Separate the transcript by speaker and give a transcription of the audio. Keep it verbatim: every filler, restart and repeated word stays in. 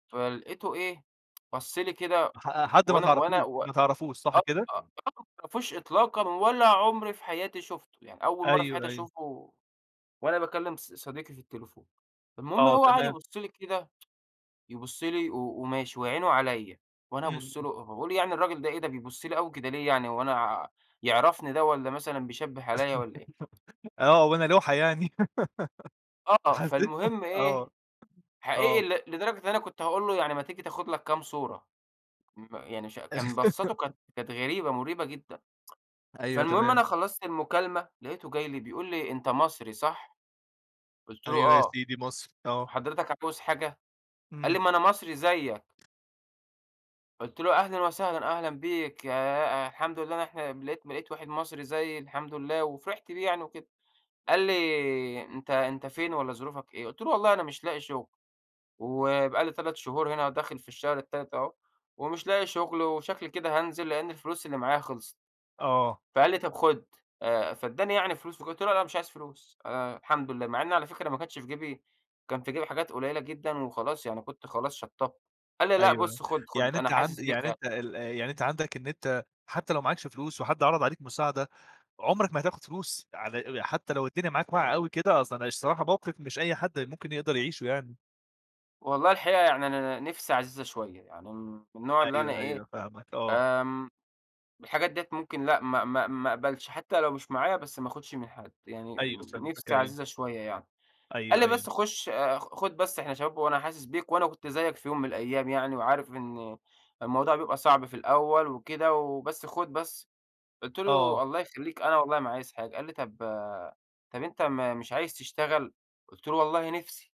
Speaker 1: فلقيته إيه، بَص لي كده
Speaker 2: ح حد ما
Speaker 1: وأنا وأنا
Speaker 2: تعرفوش،
Speaker 1: و
Speaker 2: ما تعرفوش صح
Speaker 1: آه.
Speaker 2: كده؟
Speaker 1: [unintelligible] ما أعرفوش إطلاقًا ولا عمري في حياتي شُفته. يعني أول مرّة في حياتي
Speaker 2: أيوه، أيوه.
Speaker 1: أشوفه وأنا باكلّم ص صديقي في التليفون. المهم
Speaker 2: آه
Speaker 1: هو قعد
Speaker 2: تمام.
Speaker 1: يبُصّ لي كده، يبُص لي و وماشي وعينه عليّا، وأنا أبُص
Speaker 2: إمم.
Speaker 1: له وباقول يعني الراجل ده إيه، ده بيبُص لي أوي كده ليه يعني هو أنا آآ يعرفني ده والّا مثلًا بيشبّه عليّا والّا إيه؟
Speaker 2: آه، وأنا لوحة يعني؟!
Speaker 1: آه،
Speaker 2: حسّيت
Speaker 1: فالمهم إيه،
Speaker 2: آه.
Speaker 1: حقيقي
Speaker 2: آه.
Speaker 1: ل لدرجة أنا كنت هاقول له يعني ما تيجي تاخد لك كام صورة. م يعني ش كان بصّاته كانت كانت غريبة مُريبة جدًا.
Speaker 2: أيوه
Speaker 1: فالمهم
Speaker 2: تمام.
Speaker 1: أنا خلّصت المكالمة لقيته جاي لي بيقول لي: "أنت مصري صح؟" قُلت له:
Speaker 2: أيوه يا
Speaker 1: "آه،
Speaker 2: سيدي مصري، آه.
Speaker 1: حضرتك عاوز حاجة؟" قال
Speaker 2: إمم.
Speaker 1: لي: "ما أنا مصري زيّك." قُلت له: "أهلًا وسهلًا، أهلًا بيك ياه أ الحمد لله إن إحنا لقيت لقيت واحد مصري زيّي الحمد لله." وفرحت بيه يعني وكده. قال لي: "أنت أنت فين والّا ظروفك إيه؟" قُلت له: "والله أنا مش لاقي شغل وبقى لي تلات شهور هنا وداخل في الشهر التالت أهو، ومش لاقي شغل وشكلي كده هانزل لإن الفلوس اللي معايا خلصت."
Speaker 2: آه.
Speaker 1: فقال لي: "طب خُد." آآ فادّاني يعني فلوس، فقُلت له: "لأ أنا مش عايز فلوس أنا الحمد لله." مع إن على فكرة ما كانش في جيبي كان في جيبي حاجات قليلة جدًا وخلاص يعني كنت خلاص شطّبت. قال لي: "لأ
Speaker 2: أيوه،
Speaker 1: بُص خُد خُد
Speaker 2: يعني
Speaker 1: أنا
Speaker 2: أنت عند
Speaker 1: حاسس بيك"
Speaker 2: يعني أنت ال يعني أنت عندك إن أنت حتّى لو معاكش فلوس وحد عَرَض عليك مساعدة، عمرك ما هتاخُد فلوس على حتّى لو الدنيا معاك واقعة أوي كده، أصل الصراحة موقف مش أي حد ممكن يقدر يعيشه يعني.
Speaker 1: والله الحقيقة يعني أنا نِفْسي عزيزة شوية، يعني م من النوع اللي أنا
Speaker 2: أيوه،
Speaker 1: إيه،
Speaker 2: أيوه. فاهمك آه.
Speaker 1: آمم، الحاجات ديّة ممكن لأ ما ما ما أقبلش، حتّى لو مش معايا بس ما أخُدش من حد. يعني
Speaker 2: أيوه فهمتك،
Speaker 1: نِفْسي
Speaker 2: أيوه.
Speaker 1: عزيزة شوية يعني. قال
Speaker 2: أيوه،
Speaker 1: لي:
Speaker 2: أيوه.
Speaker 1: "بس خُش أ خُد بس إحنا شباب وأنا حاسس بيك وأنا كنت زيّك في يوم من الأيام يعني وعارف إن الموضوع بيبقى صعب في الأول وكده، وبس خُد بس." قُلت
Speaker 2: آه.
Speaker 1: له: "الله يخلّيك أنا والله ما عايز حاجة." قال لي: "طب طب أنت مش عايز تشتغل؟" قُلت له: "والله نِفْسي."